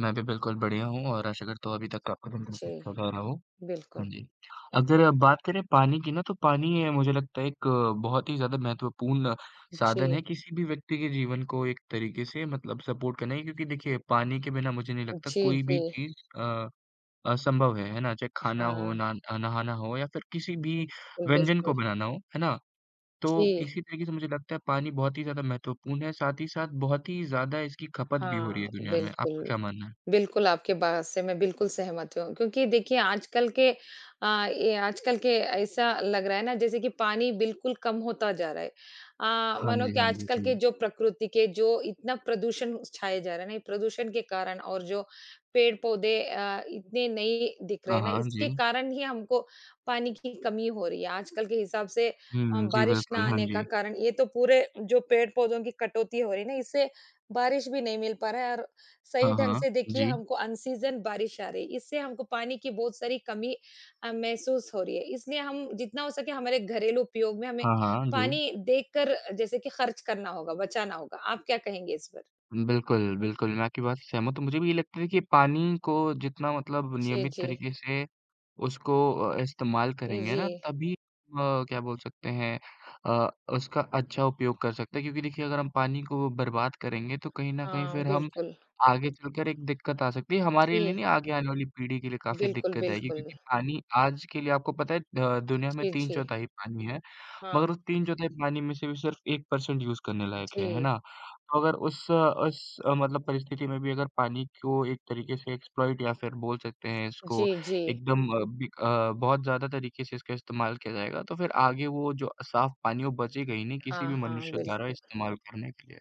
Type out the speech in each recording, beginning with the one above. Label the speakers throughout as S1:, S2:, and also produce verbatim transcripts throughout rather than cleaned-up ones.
S1: मैं भी बिल्कुल बढ़िया हूँ और आशा करता हूँ अभी तक आपका दिन भी स
S2: जी।
S1: अच्छा जा रहा हो, हाँ
S2: बिल्कुल।
S1: जी। अब ज़रा बात करें पानी की ना, तो पानी ये मुझे लगता है एक बहुत ही ज़्यादा महत्वपूर्ण साधन
S2: जी।
S1: है किसी भी व्यक्ति के जीवन को एक तरीके से मतलब सपोर्ट करना है क्योंकि देखिए पानी के बिना मुझे नहीं लगता
S2: जी,
S1: कोई भी
S2: जी।
S1: चीज़ अ, असंभव है, है ना? चाहे खाना हो,
S2: हाँ।
S1: न नहाना हो या फिर किसी भी व्यंजन
S2: बिल्कुल।
S1: को बनाना हो, है ना? तो
S2: जी।
S1: इसी तरीके से मुझे लगता है पानी बहुत ही ज़्यादा महत्वपूर्ण है, साथ ही साथ बहुत ही ज़्यादा इसकी खपत भी हो रही है
S2: हाँ,
S1: दुनिया में। आपका
S2: बिल्कुल।
S1: क्या मानना है?
S2: बिल्कुल, आपकी बात से मैं बिल्कुल सहमत हूँ क्योंकि देखिए आजकल के अ, ये आजकल के ऐसा लग रहा है ना जैसे कि पानी बिल्कुल कम होता जा रहा है। अ,
S1: हाँ
S2: मानो
S1: जी,
S2: कि
S1: हाँ जी।
S2: आजकल के
S1: जी।
S2: जो प्रकृति के जो इतना प्रदूषण छाया जा रहा है ना, ये प्रदूषण के कारण और जो पेड़-पौधे अ, इतने नहीं दिख रहे
S1: हाँ,
S2: हैं ना,
S1: हाँ।
S2: इसके
S1: जी।
S2: कारण ही हमको पानी की कमी हो रही है। आजकल के हिसाब से अ,
S1: हुँ। जी
S2: बारिश ना
S1: बिल्कुल। हाँ
S2: आने का
S1: जी।
S2: कारण ये तो पूरे जो पेड़-पौधों की कटौती हो रही है ना इससे बारिश भी नहीं मिल पा रहा है और सही
S1: हाँ,
S2: ढंग
S1: हाँ।
S2: से देखिए
S1: जी।
S2: हमको अन सीजन बारिश आ रही, इससे हमको पानी की बहुत सारी कमी अ, महसूस हो रही है। इसलिए हम जितना हो सके हमारे घरेलू उपयोग में हमें
S1: हाँ, हाँ जी।
S2: पानी देखकर जैसे कि खर्च करना होगा, बचाना होगा। आप क्या कहेंगे इस पर?
S1: उम, बिल्कुल, बिल्कुल। मैं आपकी बात से सहमत हूँ, मुझे भी ये लगता देखिए पानी को जितना मतलब
S2: जी,
S1: नियमित
S2: जी।
S1: तरीके से उसको अ, इस्तेमाल
S2: ए,
S1: करेंगे ना,
S2: जी।
S1: तभी अ, क्या बोल सकते हैं, अ, उसका अच्छा उपयोग कर सकते हैं क्योंकि देखिए अगर हम पानी को बर्बाद करेंगे तो कहीं न कहीं
S2: हाँ,
S1: फिर हम
S2: बिल्कुल।
S1: आगे चलकर एक दिक्कत आ सकती है। हमारे लिए
S2: जी।
S1: नहीं आगे आने वाली पीढ़ी के लिए काफ़ी
S2: बिल्कुल,
S1: दिक्कत आएगी
S2: बिल्कुल।
S1: क्योंकि पानी आज के लिए आपको पता है द दुनिया में
S2: जी,
S1: तीन
S2: जी।
S1: चौथाई पानी है,
S2: हाँ।
S1: मगर उस तीन चौथाई पानी में से भी सिर्फ एक पर्सेंट यूज़ करने लायक है, है
S2: जी।
S1: ना? तो अगर उस उस मतलब परिस्थिति में भी अगर पानी को एक तरीके से एक्सप्लॉइट या फिर बोल सकते हैं इसको
S2: जी, जी।
S1: एकदम बिक अ, बहुत ज़्यादा तरीके से इसका इस्तेमाल किया जाएगा, तो फिर आगे वो जो साफ पानी वो बचेगा ही नहीं किसी
S2: हाँ,
S1: भी
S2: हाँ।
S1: मनुष्य द्वारा
S2: बिल्कुल।
S1: इस्तेमाल करने के लिए।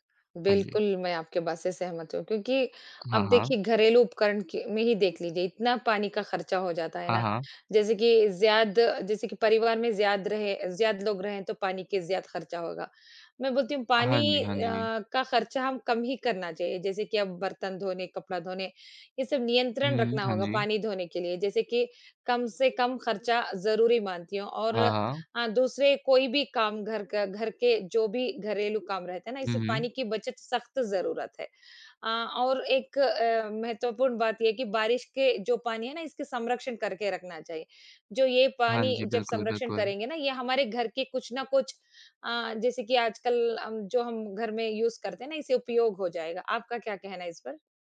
S1: हाँ जी।
S2: बिल्कुल, मैं आपकी बात से सहमत हूँ क्योंकि
S1: हाँ,
S2: अब
S1: हाँ।
S2: देखिए घरेलू उपकरण के में ही देख लीजिए इतना पानी का खर्चा हो जाता है
S1: हाँ,
S2: ना,
S1: हाँ।
S2: जैसे कि ज़्याद जैसे कि परिवार में ज़्याद रहे ज़्याद लोग रहें तो पानी के ज़्याद खर्चा होगा। मैं बोलती हूँ
S1: हाँ
S2: पानी
S1: जी,
S2: अ,
S1: हाँ जी।
S2: का खर्चा हम कम ही करना चाहिए जैसे कि अब बर्तन धोने, कपड़ा धोने ये सब नियंत्रण
S1: हुँ।
S2: रखना
S1: हाँ
S2: होगा
S1: जी।
S2: पानी धोने के लिए। जैसे कि कम से कम खर्चा ज़रूरी मानती हूँ और
S1: हाँ, हाँ।
S2: अ, दूसरे कोई भी काम घर का घर के जो भी घरेलू काम रहते हैं ना
S1: हुँ,
S2: इससे
S1: हुँ।
S2: पानी की बचत सख्त ज़रूरत है। अ, और एक अ, महत्वपूर्ण बात ये है कि बारिश के जो पानी है ना इसके समरक्षण करके रखना चाहिए, जो ये
S1: हाँ
S2: पानी
S1: जी।
S2: जब
S1: बिल्कुल,
S2: समरक्षण
S1: बिल्कुल।
S2: करेंगे ना ये हमारे घर के कुछ ना कुछ अ, जैसे कि आजकल अम, जो हम घर में यूज़ करते हैं ना इसे उपयोग हो जाएगा। आपका क्या कहना है इस पर?